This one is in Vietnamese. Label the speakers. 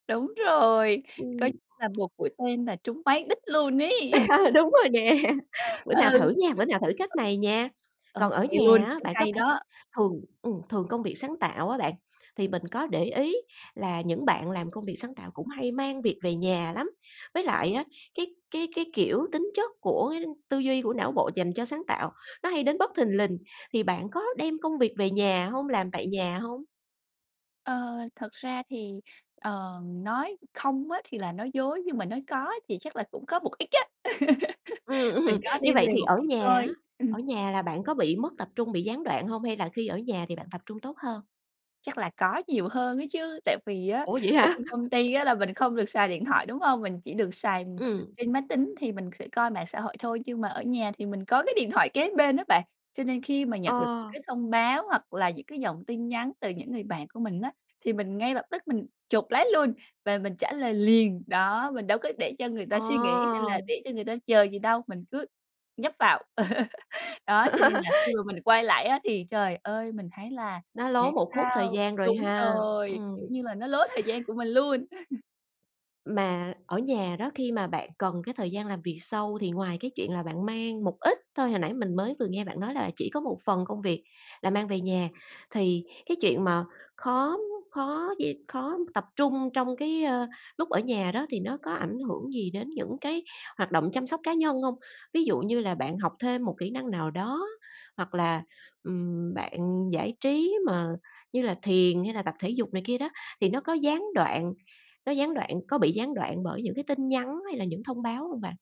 Speaker 1: Đúng rồi!
Speaker 2: Ừm.
Speaker 1: Coi là một mũi tên là trúng mấy đích luôn ấy!
Speaker 2: Đúng rồi nè. Bữa nào
Speaker 1: Ừ.
Speaker 2: thử nha, bữa nào thử cách này nha!
Speaker 1: Ô
Speaker 2: Còn ở
Speaker 1: kê luôn,
Speaker 2: nhà á,
Speaker 1: thấy
Speaker 2: bạn có
Speaker 1: hay
Speaker 2: phải
Speaker 1: đó!
Speaker 2: thường ừm, thường công việc sáng tạo á bạn, thì mình có để ý là những bạn làm công việc sáng tạo cũng hay mang việc về nhà lắm, với lại á, cái cái cái, kiểu, tính chất của tư duy của não bộ dành cho sáng tạo, nó hay đến bất thình lình. Thì bạn có đem công việc về nhà hông? Làm tại nhà hông?
Speaker 1: Ờ, thật ra thì, ờ, nói không á thì là nói dối, nhưng mà nói có thì chắc là cũng có một ít á.
Speaker 2: Ừm,
Speaker 1: Mình
Speaker 2: ừm,
Speaker 1: có
Speaker 2: như
Speaker 1: đem
Speaker 2: vậy
Speaker 1: về
Speaker 2: thì
Speaker 1: một
Speaker 2: ở
Speaker 1: ít
Speaker 2: nhà á,
Speaker 1: thôi. Ừm.
Speaker 2: ở nhà là bạn có bị mất tập trung, bị gián đoạn hông, hay là khi ở nhà thì bạn tập trung tốt hơn?
Speaker 1: Chắc là có nhiều hơn ấy chứ, tại vì á
Speaker 2: Ủa, vậy
Speaker 1: ở
Speaker 2: hả?
Speaker 1: trên công ty á là mình không được xài điện thoại, đúng hông? Mình chỉ được xài
Speaker 2: Ừm.
Speaker 1: trên máy tính thì mình sẽ coi mạng xã hội thôi. Nhưng mà ở nhà thì mình có cái điện thoại kế bên á bạn, cho nên khi mà nhận được
Speaker 2: Ờ.
Speaker 1: cái thông báo hoặc là những cái dòng tin nhắn từ những người bạn của mình á, thì mình ngay lập tức mình chộp lấy luôn và mình trả lời liền, đó, mình đâu có để cho người ta
Speaker 2: Ờ.
Speaker 1: suy nghĩ hay là để cho người ta chờ gì đâu, mình cứ nhấp vào. Đó, cho nên là khi mà mình quay lại á thì, trời ơi, mình thấy là
Speaker 2: Nó lố
Speaker 1: tại
Speaker 2: một khúc thời
Speaker 1: sao
Speaker 2: gian rồi
Speaker 1: đúng
Speaker 2: ha.
Speaker 1: rồi, kiểu
Speaker 2: Ừm.
Speaker 1: như là, nó lố thời gian của mình luôn!
Speaker 2: Mà ở nhà đó, khi mà bạn cần cái thời gian làm việc sâu thì ngoài cái chuyện là bạn mang một ít thôi, hồi nãy mình mới vừa nghe bạn nói là chỉ có một phần công việc là mang về nhà, thì cái chuyện mà khó, ưm, khó d khó tập trung trong cái, ơ, lúc ở nhà đó thì nó có ảnh hưởng gì đến những cái hoạt động chăm sóc cá nhân hông? Ví dụ như là bạn học thêm một kỹ năng nào đó hoặc là, ừm, bạn giải trí mà như là thiền hay là tập thể dục này kia đó, thì nó có gián đoạn nó gián đoạn có bị gián đoạn bởi những cái tin nhắn hay là những thông báo hông bạn?